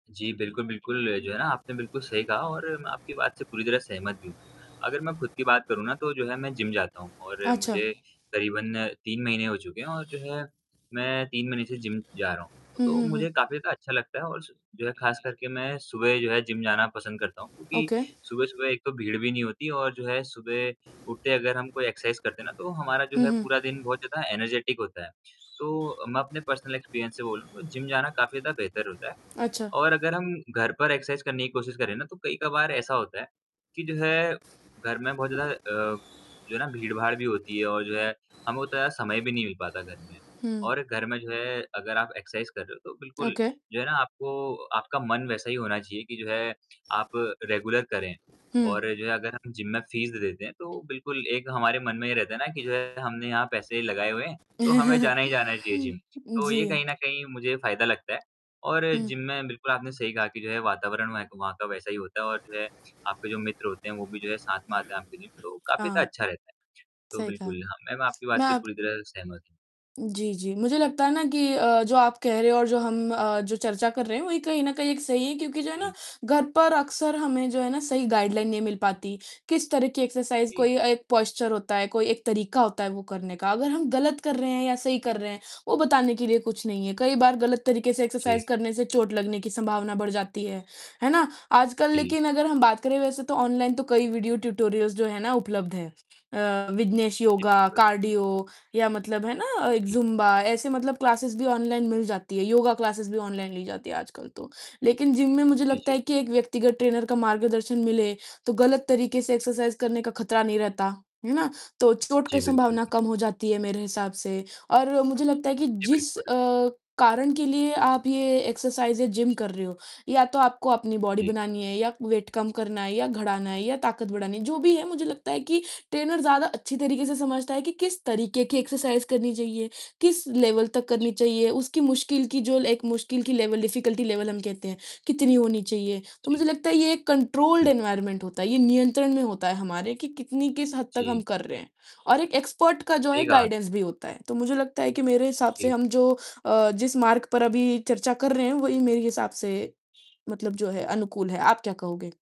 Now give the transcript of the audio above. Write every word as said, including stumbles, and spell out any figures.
जी, बिल्कुल, बिल्कुल जो है ना आपने बिल्कुल सही कहा और मैं आपकी बात से पूरी तरह सहमत भी हूँ। अगर मैं खुद की बात करूँ ना तो जो है मैं जिम जाता हूँ और अच्छा। मुझे करीबन तीन महीने हो चुके हैं और जो है, मैं तीन महीने से जिम जा रहा हूँ। हुँ, तो हुँ, मुझे हुँ। काफ़ी ज़्यादा अच्छा लगता है और सु जो है ख़ास करके मैं सुबह जो है जिम जाना पसंद करता हूँ क्योंकि ओके। सुबह-सुबह एक तो भीड़ भी नहीं होती और जो है सुबह उठते अगर हम कोई एक्सरसाइज़ करते हैं ना, तो हमारा जो हुँ, है हुँ। पूरा दिन बहुत ज़्यादा एनर्जेटिक होता है। तो मैं अपने पर्सनल एक्सपीरियंस से बोलूँ तो जिम जाना काफ़ी ज़्यादा बेहतर होता है। अच्छा। और अगर हम घर पर एक्सरसाइज़ करने की कोशिश करें ना तो कई-कबार ऐसा होता है कि जैसे घर में बहुत ज़्यादा अ, जो है ना भीड़-भाड़ भी होती है और जो है हमें उतना समय भी नहीं मिल पाता घर में हुँ। और घर में जो है अगर आप एक्सरसाइज़ कर रहे हो तो बिल्कुल, ओके। जो है ना आपको आपका मन वैसा ही होना चाहिए कि जो है आप रेगुलर करें। और हुँ। जो है अगर हम जिम में फीस दे देते हैं तो बिल्कुल एक हमारे मन में ये रहता है ना कि जो है हमने यहाँ पैसे लगाए हुए हैं तो हमें जाना ही जाना चाहिए जिम। तो ये कहीं जी। न कहीं मुझे फ़ायदा लगता है। और हुँ। जिम में बिल्कुल आपने सही कहा कि जो है वातावरण वहे का वहाँ का वैसा ही होता है और जो है आपके जो मित्र होते हैं वो भी जो है साथ में आते हैं आपके जिम तो काफ़ी ज़्यादा हाँ। अच्छा रहता है। तो सही कहा। बिल्कुल हाँ, मैम आपकी मैं बात से अब पूरी तरह सहमत हूँ। जी, जी। मुझे लगता है ना कि अ, जो आप कह रहे हो और जो हम अ, जो चर्चा कर रहे हैं वही कहीं न कहीं सही है क्योंकि जो है ना जी। घर पर अक्सर हमें जो है ना सही गाइडलाइन नहीं मिल पाती, किस तरीके एक्सरसाइज़ जी। कोई एक पोस्चर होता है, कोई एक तरीका होता है वो करने का, अगर हम गलत कर रहे हैं या सही कर रहे हैं वो बताने के लिए कुछ नहीं है। कई बार गलत तरीके से जी। एक्सरसाइज़ करने से चोट लगने की संभावना बढ़ जाती है, है ना? आजकल जी। लेकिन अगर हम बात करें वैसे तो ऑनलाइन तो कई वीडियो ट्यूटोरियल्स जो है ना उपलब्ध हैं। अ, विघ्नेश जी, योगा, बिल्कुल। कार्डियो या मतलब है ना अ, एक जी। ज़ुम्बा ऐसे मतलब क्लासेस भी ऑनलाइन मिल जाती है। योगा क्लासेस भी ऑनलाइन ली जाती है आजकल तो। लेकिन जिम में मुझे जी, लगता जी। है कि एक व्यक्तिगत ट्रेनर का मार्गदर्शन मिले, तो गलत तरीके से एक्सरसाइज़ करने का खतरा नहीं रहता, है ना? तो चोट की जी, संभावना बिल्कुल। कम हो जाती है मेरे हिसाब से और मुझे लगता है कि जी, जिस बिल्कुल। अ, कारण के लिए आप ये एक्सरसाइज़ या जिम कर रहे हो या तो आपको अपनी बॉडी जी। बनानी है या वेट कम करना है या घड़ा ना है या ताकत बढ़ानी जो भी है मुझे लगता है कि ट्रेनर ज़्यादा अच्छी तरीके से समझता है कि किस तरीके की एक्सरसाइज़ करनी चाहिए, किस लेवल तक जी। करनी चाहिए उसकी मुश्किल की ल जो एक मुश्किल की लेवल, डिफिकल्टी लेवल हम कहते हैं कितनी होनी चाहिए। तो जी। मुझे लगता है ये एक कंट्रोल्ड बिल्कुल। एनवायरनमेंट होता है, ये नियंत्रण में होता है हमारे कि कितनी किस हद तक हम जी। कर रहे हैं और एक एक्सपर्ट का जो है सही बात। गाइडेंस भी होता है। तो मुझे लगता है कि मेरे हिसाब से जी। हम जो अ, जिस मार्ग पर अभी चर्चा कर रहे हैं वही मेरे हिसाब से मतलब जो है अनुकूल है, आप क्या कहोगे?